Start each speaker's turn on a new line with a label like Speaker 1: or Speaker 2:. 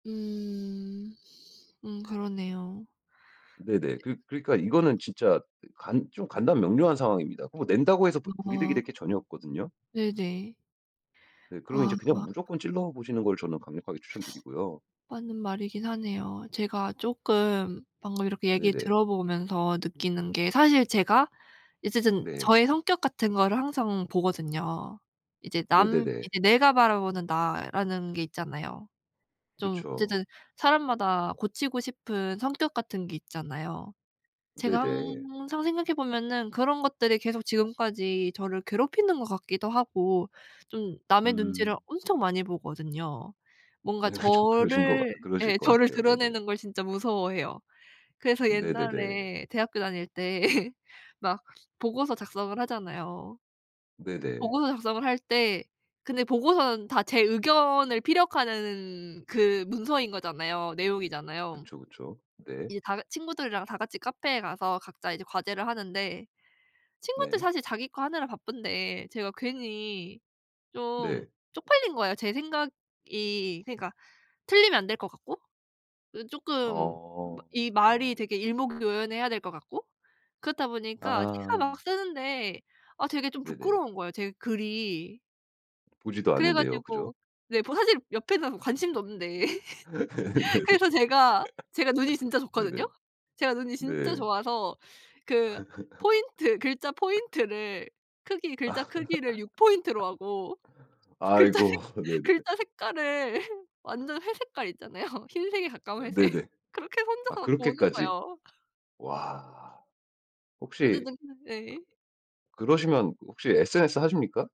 Speaker 1: 음. 음 그러네요.
Speaker 2: 네네. 그 그러니까 이거는 진짜 간 좀 간단명료한 상황입니다. 그거 낸다고 해서 부 불이득이
Speaker 1: 어.
Speaker 2: 될 게 전혀 없거든요.
Speaker 1: 네네.
Speaker 2: 네. 그러면 이제 그냥
Speaker 1: 아.
Speaker 2: 무조건 찔러 보시는 걸 저는 강력하게 추천드리고요.
Speaker 1: 맞는 말이긴 하네요. 제가 쪼끔 방금 이렇게 얘기를
Speaker 2: 네네.
Speaker 1: 들어 보면서 느끼는 게 사실 제가 어쨌든
Speaker 2: 네.
Speaker 1: 저의 성격 같은 거를 항상 보거든요. 이제 남
Speaker 2: 네네네.
Speaker 1: 이제 내가 바라보는 나라는 게 있잖아요. 좀
Speaker 2: 그쵸.
Speaker 1: 어쨌든 사람마다 고치고 싶은 성격 같은 게 있잖아요. 제가
Speaker 2: 네네.
Speaker 1: 항상 생각해 보면은 그런 것들이 계속 지금까지 저를 괴롭히는 것 같기도 하고 좀 남의 눈치를
Speaker 2: 음.
Speaker 1: 엄청 많이 보거든요. 뭔가
Speaker 2: 좀 그러신 것 같
Speaker 1: 저를
Speaker 2: 그러실
Speaker 1: 예
Speaker 2: 것
Speaker 1: 저를
Speaker 2: 같아요. 네네.
Speaker 1: 드러내는 걸 진짜 무서워해요. 그래서
Speaker 2: 네네네.
Speaker 1: 옛날에 대학교 다닐 때 막 보고서 작성을 하잖아요.
Speaker 2: 네네.
Speaker 1: 보고서 작성을 할 때 근데 보고서는 다 제 의견을 피력하는 그 문서인 거잖아요, 내용이잖아요.
Speaker 2: 그쵸, 그쵸. 네.
Speaker 1: 이제 다 친구들이랑 다 같이 카페에 가서 각자 이제 과제를 하는데 친구들
Speaker 2: 네.
Speaker 1: 사실 자기 거 하느라 바쁜데 제가 괜히 좀
Speaker 2: 네.
Speaker 1: 쪽팔린 거예요. 제 생각이 그러니까 틀리면 안 될 것 같고 이 쪼끔
Speaker 2: 어.
Speaker 1: 이 말이
Speaker 2: 아.
Speaker 1: 되게 일목요연해야 될 것 같고 그렇다 보니까 제가
Speaker 2: 아.
Speaker 1: 막 쓰는데 아 되게 좀
Speaker 2: 네네.
Speaker 1: 부끄러운 거예요, 제 글이.
Speaker 2: 보지도
Speaker 1: 그래
Speaker 2: 않는데요. 그죠?
Speaker 1: 가지고 네 뭐 사실 옆에는 관심도 없는데.
Speaker 2: 네네.
Speaker 1: 그래서 제가 제가 눈이 진짜 좋거든요.
Speaker 2: 네네.
Speaker 1: 제가 눈이 진짜
Speaker 2: 네.
Speaker 1: 좋아서 그 포인트 글자 포인트를 크기 글자 크기를 6 포인트로 하고 글자 색
Speaker 2: 아이고 네네.
Speaker 1: 글자 색깔을 완전 회색깔 있잖아요. 흰색에 가까운 회색.
Speaker 2: 네네.
Speaker 1: 그렇게
Speaker 2: 아
Speaker 1: 혼자서 보는
Speaker 2: 그렇게까지.
Speaker 1: 거예요.
Speaker 2: 와. 혹시
Speaker 1: 어쨌든 네.
Speaker 2: 그러시면 혹시 SNS 하십니까?